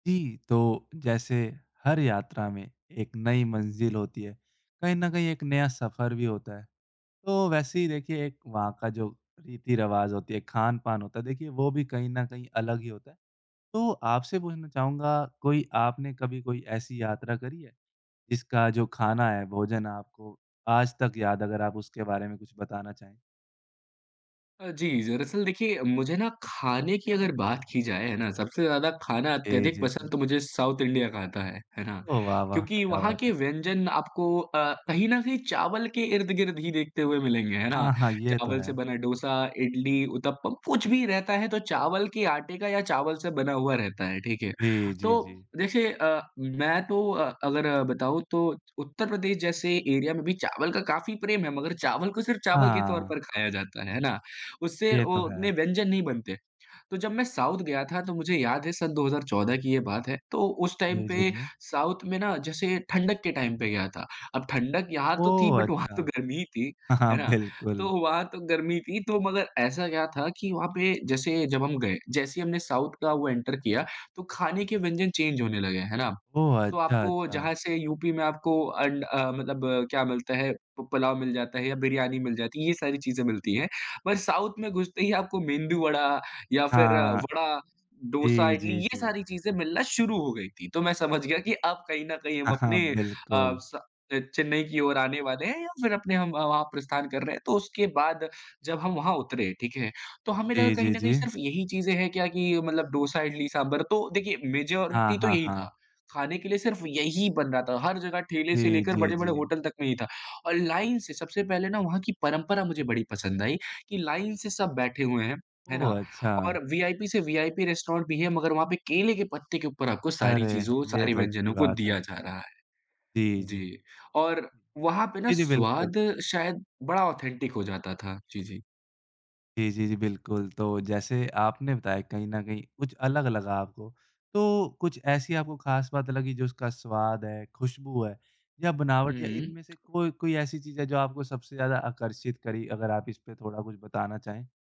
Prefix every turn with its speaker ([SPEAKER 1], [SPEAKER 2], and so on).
[SPEAKER 1] जी, तो जैसे हर यात्रा में एक नई मंजिल होती है, कहीं न कहीं एक नया सफ़र भी होता है। तो वैसे ही देखिए एक वहाँ का जो रीति-रिवाज़ होती है, खान-पान होता है, देखिए वो भी कहीं न कहीं अलग ही होता है। तो आपसे पूछना चाहूँगा, कोई आपने कभी कोई ऐसी यात्रा करी है, जिसका जो खाना है, भोजन है, आपको आज तक याद है अगर आप उसके बारे में कुछ बताना चाहें?
[SPEAKER 2] अ, जी दरअसल देखिए, मुझे ना खाने की अगर बात की जाए हैं ना, सबसे ज़्यादा खाना
[SPEAKER 1] जी, जी,
[SPEAKER 2] अत्यधिक
[SPEAKER 1] जी,
[SPEAKER 2] पसंद
[SPEAKER 1] जी।
[SPEAKER 2] तो मुझे साउथ इंडिया का आता है, हैं ना,
[SPEAKER 1] ओह! वाह! वाह!
[SPEAKER 2] क्योंकि
[SPEAKER 1] क्या
[SPEAKER 2] वहाँ
[SPEAKER 1] बात है।
[SPEAKER 2] के व्यंजन आपको अ, कहीं न कहीं चावल के इर्द-गिर्द ही देखते हुए मिलेंगे, हैं ना?
[SPEAKER 1] हाँ, हाँ, ये तो
[SPEAKER 2] चावल से
[SPEAKER 1] हैं।
[SPEAKER 2] बना डोसा, इडली, उत्तप्पम कुछ भी रहता है, तो चावल के आटे का या चावल से बना हुआ रहता है ठीक है,
[SPEAKER 1] जी, जी,
[SPEAKER 2] तो
[SPEAKER 1] जी।
[SPEAKER 2] देखिए अ, मैं तो अ, अगर बताऊँ तो उत्तर-प्रदेश जैसे एरिया में भी चावल का काफ़ी प्रेम है, मगर चावल को सिर्फ़ चावल के तौर
[SPEAKER 1] हाँ।
[SPEAKER 2] पर खाया जाता है, हैं ना? उससे
[SPEAKER 1] ये तो
[SPEAKER 2] वो
[SPEAKER 1] हैं।
[SPEAKER 2] उतने व्यंजन नहीं बनते। तो जब मैं साउथ गया था, तो मुझे याद है सन 2014 की ये बात है, तो उस टाइम
[SPEAKER 1] जी, जी,
[SPEAKER 2] पे
[SPEAKER 1] जी।
[SPEAKER 2] साउथ में ना, जैसे ठंडक के टाइम पे गया था। अब ठंडक यहाँ तो थी,
[SPEAKER 1] ओह!
[SPEAKER 2] बट वहाँ तो
[SPEAKER 1] अच्छा।
[SPEAKER 2] गर्मी ही थी,
[SPEAKER 1] हाँ,
[SPEAKER 2] है ना?
[SPEAKER 1] बिल्कुल।
[SPEAKER 2] तो वहाँ तो गर्मी थी, तो मगर ऐसा क्या था कि वहाँ पे जैसे जब हम गए, जैसे ही हमने साउथ का वो एंटर किया, तो खाने के व्यंजन चेंज होने लगे। है ना?
[SPEAKER 1] ओह!
[SPEAKER 2] तो
[SPEAKER 1] अच्छा,
[SPEAKER 2] आपको
[SPEAKER 1] अच्छा।
[SPEAKER 2] जहाँ से, यूपी में आपको अंड अ, मतलब क्या मिलता है, पु पुलाव मिल जाता है या बिरयानी मिल जाती है ये सारी चीज़ें मिलती हैं। पर साउथ में घुसते ही आपको, मेंदु वड़ा या फिर
[SPEAKER 1] हाँ।
[SPEAKER 2] वड़ा, डोसा,
[SPEAKER 1] जी,
[SPEAKER 2] इडली
[SPEAKER 1] जी,
[SPEAKER 2] ये
[SPEAKER 1] जी।
[SPEAKER 2] सारी चीज़े मिलना शुरू हो गई थी। तो मैं समझ गया कि अब कहीं न कहीं हम
[SPEAKER 1] हाँ,
[SPEAKER 2] अपने अ,
[SPEAKER 1] बिल्कुल।
[SPEAKER 2] स अ, चेन्नई की ओर आने वाले हैं या फिर अपने हम वहाँ प्रस्थान कर रहे हैं। तो उसके बाद जब हम वहाँ उतरे, ठीक है। तो हमें लगा
[SPEAKER 1] जी,
[SPEAKER 2] कि कहीं
[SPEAKER 1] जी,
[SPEAKER 2] न कहीं
[SPEAKER 1] जी।
[SPEAKER 2] सिर्फ यही चीज़ें हैं क्या? कि मतलब डोसा, इडली, साँभर, तो देखिए
[SPEAKER 1] हाँ,
[SPEAKER 2] मेजॉरिटी तो
[SPEAKER 1] हाँ,
[SPEAKER 2] यही था।
[SPEAKER 1] हाँ।
[SPEAKER 2] खाने के लिए सिर्फ यही बन रहा था, हर जग़ह ठेले से
[SPEAKER 1] जी,
[SPEAKER 2] लेकर,
[SPEAKER 1] जी,
[SPEAKER 2] बड़े-बड़े
[SPEAKER 1] जी।
[SPEAKER 2] होटल तक में ही था और लाइन से सबसे पहले ना वहाँ की परँपरा मुझे बड़ी पसंद आई कि लाइन से सब बैठे हुए हैं। हैं
[SPEAKER 1] ओह!
[SPEAKER 2] ना?
[SPEAKER 1] अच्छा।
[SPEAKER 2] और वीआईपी से वीआईपी रेस्टोरेंट भी है मगर वहाँ पे केले के पत्ते के ऊपर आपको सारी
[SPEAKER 1] अरे!
[SPEAKER 2] चीज़ों,
[SPEAKER 1] ये
[SPEAKER 2] सारी
[SPEAKER 1] तो अच्छी
[SPEAKER 2] व्यंजनों को
[SPEAKER 1] बात
[SPEAKER 2] दिया
[SPEAKER 1] है।
[SPEAKER 2] जा रहा है।
[SPEAKER 1] जी, जी।
[SPEAKER 2] जी, और वहाँ पे ना
[SPEAKER 1] जी, जी, बिल्कुल।
[SPEAKER 2] स्वाद शायद बड़ा ऑथेंटिक हो जाता था, जी, जी।
[SPEAKER 1] जी, जी, जी, बिल्कुल। तो जैसे आपने बताया कहीं न कहीं, कुछ अलग-अलग आपको, तो कुछ ऐसी आपको ख़ास बात लगी, जो उसका स्वाद है, ख़ुशबू है, या
[SPEAKER 2] हुँ,
[SPEAKER 1] बनावट या इनमें
[SPEAKER 2] हुँ।
[SPEAKER 1] से कोई कोई ऐसी चीज़ है जो आपको सबसे ज़्यादा आकर्षित करी? अगर आप इसपे थोड़ा कुछ बताना चाहें?